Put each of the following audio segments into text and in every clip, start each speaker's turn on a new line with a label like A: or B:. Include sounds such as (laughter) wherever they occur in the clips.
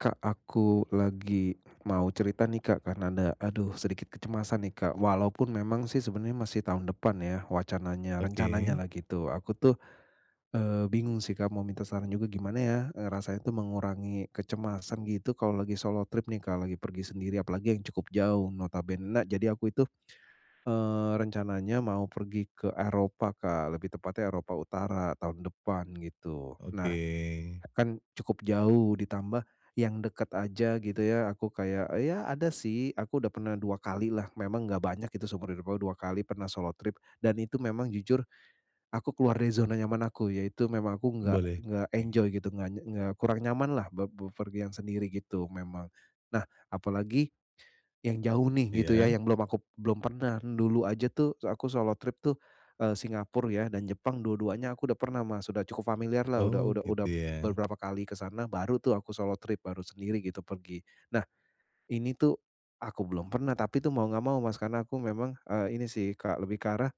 A: Kak, aku lagi mau cerita nih Kak, karena ada aduh sedikit kecemasan nih Kak. Walaupun memang sih, sebenernya masih tahun depan ya wacananya,
B: Oke.
A: rencananyalah gitu. Aku tuh, eee, bingung sih Kak, mau minta saran juga gimana ya, eee, rasanya tuh mengurangi kecemasan gitu. Kalau lagi solo trip nih Kak, lagi pergi sendiri, apalagi yang cukup jauh notabene na jadi aku itu, eee, rencananya mau pergi ke Eropa Kak, lebih tepatnya Eropa utara tahun depan gitu,
B: Oke.
A: eee, kan cukup jauh, ditambah yang dekat aja gitu ya, aku kayak ya ada sih, aku udah pernah 2 kalilah. Memang nggak banyak gitu seumur hidup aku 2 kali pernah solo trip, dan itu memang jujur, aku keluar dari zona nyaman aku, yaitu memang aku enggak
B: Boleh,
A: enggak
B: oke.
A: enjoy gitu, nggak ny nggak kurang nyamanlah be bepergian sendiri gitu memang. Nah, apalagi yang jauh nih gitu ya,
B: Iya.
A: yang belum aku belum pernah. Dulu aja tuh se aku solo trip tuh, eee, Singapura ya dan Jepang, dua-duanya aku udah pernah Mas, udah cukup familiarlah, udah
B: Oh
A: udah udah
B: gitu ya.
A: beberapa kali ke sana, baru tuh aku solo trip, baru sendiri gitu pergi. Nah, ini tuh aku belum pernah, tapi tuh mau nggak mau Mas, karena aku memang, eee, ini sih Kak, lebih ke arah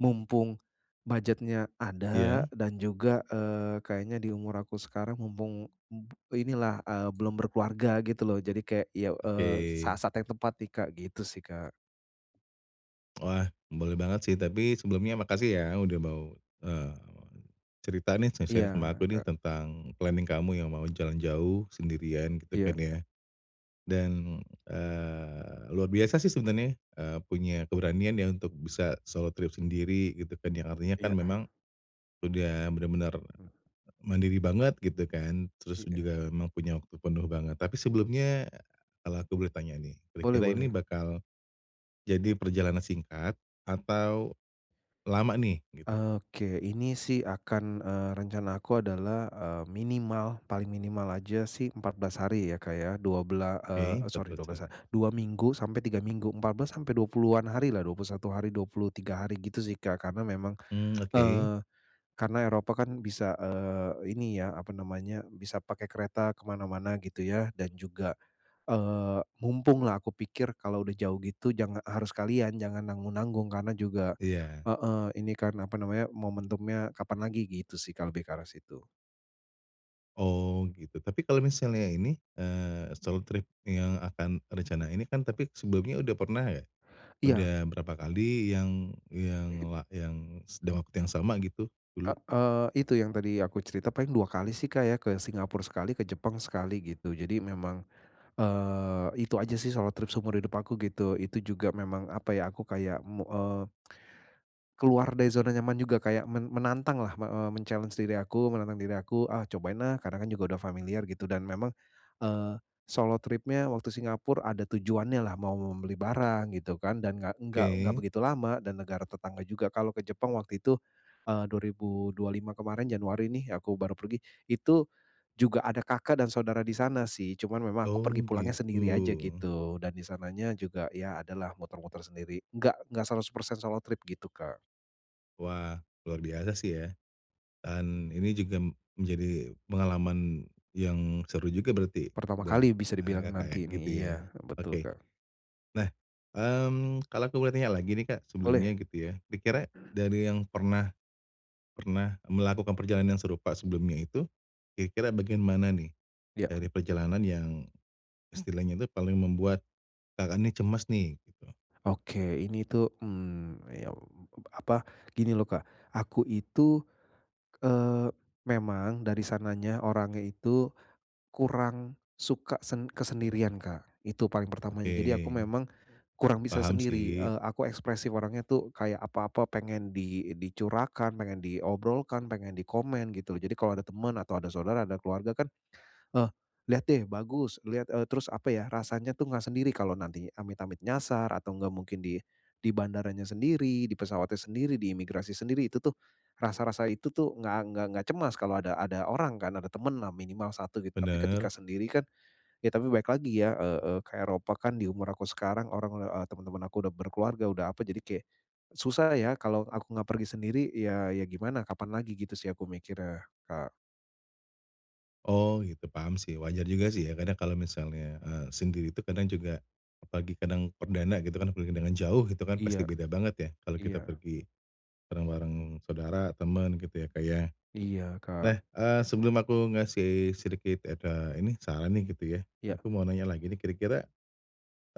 A: mumpung budget-nya ada,
B: Iya.
A: dan juga, eee, kayaknya di umur aku sekarang mumpung, mmm, inilah, eee, belum berkeluarga gitu loh. Jadi kayak, ya, eee,
B: Oke.
A: saat-saat yang tepat nih Kak, gitu sih Kak.
B: Wah, boleh banget sih, tapi sebelumnya makasih ya udah mau, eee, cerita nih
A: Iya
B: sharing-sharing sama aku nih
A: Kak.
B: tentang planning kamu yang mau jalan jauh sendirian gitu kan
A: Iya.
B: ya, dan, eee, luar biasa sih sebenarnya eee, punya keberanian ya untuk bisa solo trip sendiri gitu kan, yang artinya kan
A: Iya.
B: memang sudah benar-benar
A: Mmm.
B: mandiri banget gitu kan, terus dan
A: Iya.
B: juga memang punya waktu penuh banget. Tapi sebelumnya, kalau aku boleh tanya nih,
A: Boleh
B: kira-kira ini
A: boleh.
B: bakal jadi perjalanan singkat atau lama nih, gitu?
A: Oke ini sih akan eee, rencana aku adalah, eee, minimal, paling minimal aja sih 14 hari ya Kak ya, dua bela eee
B: Oke.
A: eee,
B: empat
A: sorry
B: belas
A: 12 ha
B: hari.
A: 2 minggu sampai 3 minggu, 14 sampai 20-an hari lah, 21 hari, 23 hari gitu sih Kak. Karena memang,
B: Mmm, oke.
A: eee, karena Eropa kan bisa, eee, ini ya apa namanya, bisa pakai kereta ke mana-mana gitu ya, dan juga eee, mumpung lah aku pikir kalau udah jauh gitu jangan harus sekalian jangan nanggung-nanggung karena juga
B: Iya.
A: heeh ini kan apa namanya, momentumnya kapan lagi, gitu sih Kak, lebih ke arah situ.
B: Oh, gitu. Tapi kalau misalnya ini, eee, solo trip yang akan rencana ini kan, tapi sebelumnya udah pernah enggak?
A: Iya.
B: Udah berapa kali yang yang
A: It
B: la yang st dalam waktu yang sama gitu
A: E
B: dulu?
A: eee, itu yang tadi aku cerita paling 2 kali sih, Kak, ya ke Singapore sekali ke Jepang sekali gitu. Jadi memang, eee, itu aja sih solo trip seumur hidup aku, gitu. Itu juga memang apa ya aku kayak mo eee, (tsk) keluar dari zona nyaman juga kayak men menantanglah me eee, men-challenge diri aku, menantang diri aku, "Ah cobain ah." Karena kan juga udah familiar gitu. Dan memang, eee, solo tripnya waktu Singapore ada tujuannya lah mau membeli barang gitu kan dan nggak nggak nggak
B: Ke.
A: begitu lama dan negara tetangga juga. Kalau ke Jepang waktu itu, eee, 2025 kemarin Januari nih aku baru pergi. Itu juga ada kakak dan saudara di sana sih. Cuman memang aku pergi
B: Oh,
A: pulangnya sendiri aja,
B: gitu.
A: gitu. Dan di sananya juga ya adalah muter-muter sendiri. Enggak enggak 100% solo trip gitu, Kak.
B: Wah, luar biasa sih ya. Dan ini juga menjadi pengalaman yang seru juga berarti
A: Pertama
B: buat,
A: kali bisa
B: eee,
A: dibilang
B: Kakak ya,
A: nanti nih,
B: gitu
A: iya
B: ya.
A: betul,
B: Oke.
A: Kak.
B: Nah, mmm, kalau aku boleh tanya lagi nih, Kak,
A: Boleh.
B: sebelumnya gitu ya. Dikira dari yang pernah pernah melakukan perjalanan yang serupa sebelumnya itu, kira-kira bagaimana nih
A: Ya.
B: dari perjalanan yang istilahnya itu paling membuat Kakak ini cemas nih, gitu?
A: Oke ini tuh mmm ya ap apa gini loh, Kak. Aku itu, eee, memang dari sananya orangnya itu kurang suka sen kesendirian, Kak, itu paling pertamanya. Jadi aku
B: Oke.
A: memang kurang bisa
B: Paham
A: sendiri,
B: sih.
A: eee, aku ekspresif orangnya tuh kayak apa-apa pengen di dicurahkan pengen diobrolkan, pengen dikomen, gitu loh. Jadi kalau ada temen atau ada saudara atau keluarga kan, "Eh lihat deh bagus liat" Eee, terus apa ya rasanya itu enggak sendiri kalau nanti amit-amit nyasar atau enggak mungkin di di bandaranya sendiri di pesawatnya sendiri di imigrasi sendiri itu tuh rasa-rasa itu tuh enggak nggak nggak cemas kalau ada ada orang kan ada temen lah minimal 1 gitu. Tapi ketika
B: Benar.
A: sendiri kan ya tapi balik lagi ya, eee, e ke Eropa kan di umur aku sekarang orang udah, eee, temen-temen aku udah berkeluarga udah apa jadi kayak susah ya kalau aku enggak pergi sendiri ya ya gimana kapan lagi gitu sih aku mikirnya, Kak.
B: Oh gitu, paham sih, wajar juga sih ya, kadang kalau misalnya, eee, sendiri itu kadang juga apalagi kadang perdana gitu kan, pergi dengan jauh gitu kan, pasti
A: Iya.
B: beda banget ya, kalau kita
A: Iya.
B: pergi bareng-bareng saudara, temen gitu ya, Kak, ya.
A: Iya,
B: Nah,
A: Kak.
B: eee sebelum aku ngasih sedikit ed ah, ini, saran nih gitu ya,
A: Ya.
B: aku mau nanya lagi nih, kira-kira,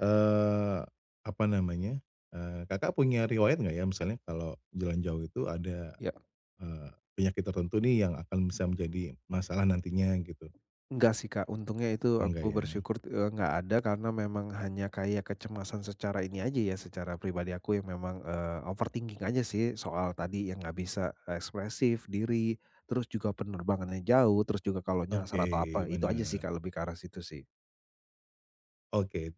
B: eee, apa namanya, eee, Kakak punya riwayat enggak ya, misalnya kalau jalan jauh itu ada,
A: Ya.
B: eee penyakit tertentu nih yang akan bisa menjadi masalah nantinya, gitu?
A: Enggak sih Kak. Untungnya itu
B: Oh enggak
A: aku
B: ya?
A: bersyukur, t eee, enggak ada karena memang hanya kayak kecemasan secara ini aja ya, secara pribadi aku yang memang, eee, overthinking aja sih, soal tadi yang enggak bisa ekspresif diri, terus juga penerbangannya jauh, terus juga kalau nyasar atau
B: Oke,
A: apa, itu aja sih
B: benar.
A: Kak, lebih ke arah situ sih.
B: Oke,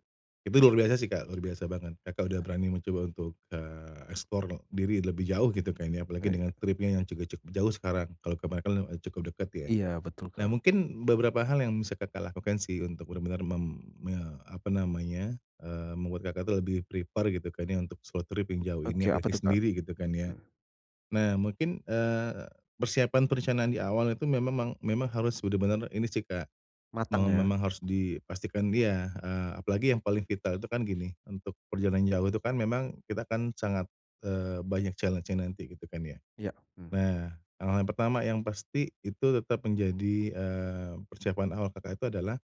B: itu luar biasa sih, Kak, luar biasa banget. Kakak udah berani mencoba untuk, eee, explore lo diri lebih jauh gitu kan ya, apalagi
A: Baik Kak.
B: dengan tripnya yang cuku cuk jauh sekarang, kalau kemarin kan le cukup dekat ya.
A: Iya, betul,
B: Nah,
A: Kak.
B: mungkin beberapa hal yang bisa Kakak lakukan sih, untuk benar-benar mem me apa namanya, eee, membuat, Kakak itu lebih prepare gitu kan ya, untuk solo trip yang jauh ini,
A: Oke. Apa
B: apalagi
A: tuh Kak?
B: sendiri gitu kan ya,
A: Mhm.
B: nah, mungkin, eee, persiapan perencanaan di awal itu memang- memang harus sudah benar ini sih, Kak, me
A: Matang ya.
B: memang harus dipastikan dia, eee, apalagi yang paling vital itu kan gini, untuk perjalanan jauh itu kan memang kita kan sangat, eee, banyak challenge-nya nanti gitu kan ya?
A: Iya, mhm.
B: Nah, hal-hal yang pertama yang pasti itu tetap menjadi, eee, persiapan awal Kakak itu adalah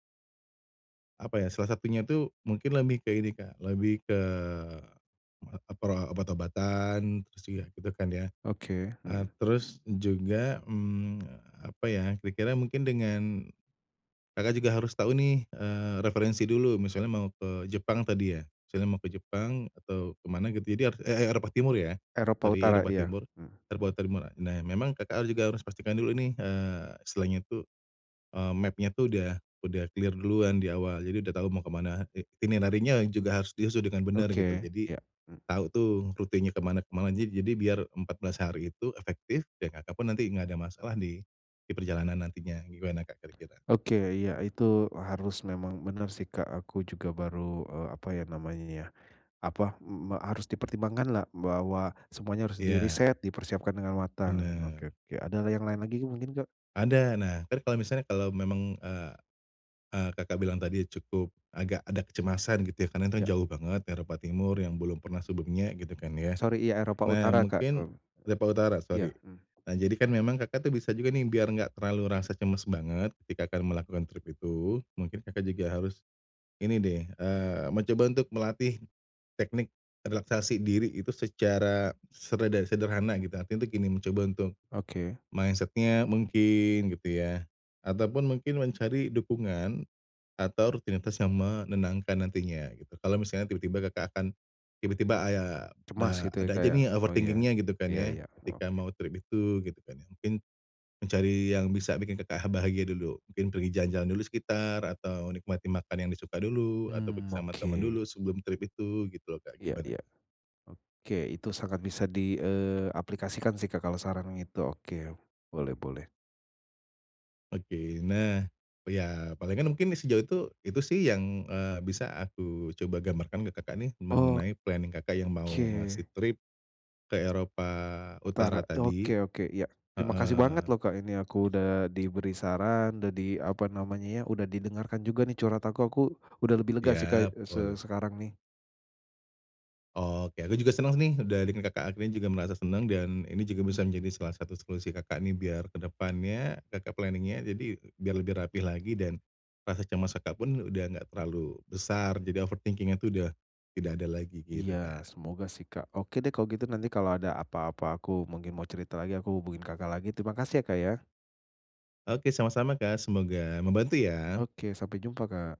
B: Apa ya, salah satunya tuh mungkin lebih ke ini Kak, lebih ke, eee eee, pro obat-obatan, terus juga gitu kan ya.
A: Oke,
B: Eee,
A: hmm.
B: terus juga, mmm, apa ya, kira-kira mungkin dengan Kakak juga harus tahu nih, eee, referensi dulu, misalnya mau ke Jepang tadi ya, misalnya mau ke Jepang atau ke mana gitu, jadi har e e Eropa Timur ya,
A: Eropa
B: dari
A: Utara,
B: Eropa
A: iya
B: Timur,
A: hmm.
B: terbuat termurah. Nah, memang Kakak harus juga, harus pastikan dulu nih, eee, istilahnya itu eee, map-nya tuh udah udah clear duluan di awal, jadi udah tahu mau ke mana, i ini nantinya juga harus diisi dengan benar gitu.
A: Oke,
B: Jadi
A: iya hmm.
B: tahu tuh rutenya ke mana ke mana aja jadi biar 14 hari itu efektif, ya Kakak pun nanti enggak ada masalah di, di perjalanan nantinya, gimana Kak kira-kira?
A: Oke. Iya, itu harus memang bener sih Kak. Aku juga baru, eee, apa ya namanya ya, apa, mmm, harus dipertimbangkanlah bahwa semuanya harus
B: Iya.
A: diriset, dipersiapkan dengan matang.
B: Benar.
A: Oke oke, ada yang lain lagi mungkin Kak?
B: Ada, nah, entar kalau misalnya kalau memang, eee eee Kakak bilang tadi cukup agak ada kecemasan gitu ya, karena kan
A: Iya.
B: jauh banget Eropa Timur yang belum pernah sebelumnya gitu kan ya.
A: Sori, iya Eropa
B: Nah,
A: Utara Kak,
B: mungkin
A: hmm.
B: Eropa Utara, sori.
A: Iya, hmm.
B: Nah, jadi kan memang Kakak tuh bisa juga nih biar enggak terlalu rasa cemas banget, ketika Kakak melakukan trip itu, mungkin Kakak juga harus ini deh, eee, mencoba untuk melatih teknik relaksasi diri itu secara sereda sederhana gitu, artinya itu gini mencoba untuk
A: Oke.
B: mindset-nya mungkin gitu ya, ataupun mungkin mencari dukungan atau rutinitas yang menenangkan nantinya, gitu. Kalau misalnya tiba-tiba Kakak akan tiba-tiba aya
A: Cemas
B: da
A: gitu ya
B: ada
A: Kak
B: aja
A: ya?
B: nih, eee,
A: Oh iya,
B: overthinking-nya gitu kan
A: iya
B: ya,
A: iya,
B: ketika
A: oke.
B: mau trip itu, gitu kan ya, mungkin mencari yang bisa bikin Kakak ha bahagia dulu, mungkin pergi jalan-jalan dulu sekitar, atau nikmati makan yang disuka dulu, atau pergi
A: Mmm
B: sama temen
A: oke.
B: dulu sebelum trip itu, gitu loh Kak,
A: Iya
B: gimana?
A: iya. Oke, itu sangat bisa di, eee, aplikasikan sih Kak kalau saran gitu oke, boleh boleh.
B: Oke. Nah, iya palingan mungkin sejauh itu, itu sih yang, eee, bisa aku coba gambarkan ke Kakak nih
A: Oh.
B: mengenai planning Kakak yang mau ngasih
A: Ke.
B: trip ke Eropa Utara
A: Utara.
B: tadi,
A: Oke oke iya. Terima kasih banget
B: heeh.
A: loh Kak ini aku udah diberi saran, udah di apa namanya ya? Udah didengarkan juga nih curhat aku, aku udah lebih lega sih Kak
B: Iya,
A: se
B: boleh.
A: sekarang nih.
B: Oh oke, aku juga senang nih, udah dengerin Kakak akhirnya juga merasa senang dan ini juga bisa menjadi salah satu solusi Kakak nih biar ke depannya, Kakak planning-nya, jadi biar lebih rapi lagi dan rasa cemas Kakak pun udah enggak terlalu besar, jadi overthinking-nya itu sudah tidak ada lagi, gitu
A: Iya.
B: Kak.
A: Semoga sih Kak. Oke deh kalau gitu nanti kalau ada apa-apa, aku mungkin mau cerita lagi, aku hubungin Kakak lagi. Terima kasih ya Kak ya.
B: Oke, sama-sama Kak, semoga membantu ya.
A: Oke. Sampai jumpa Kak.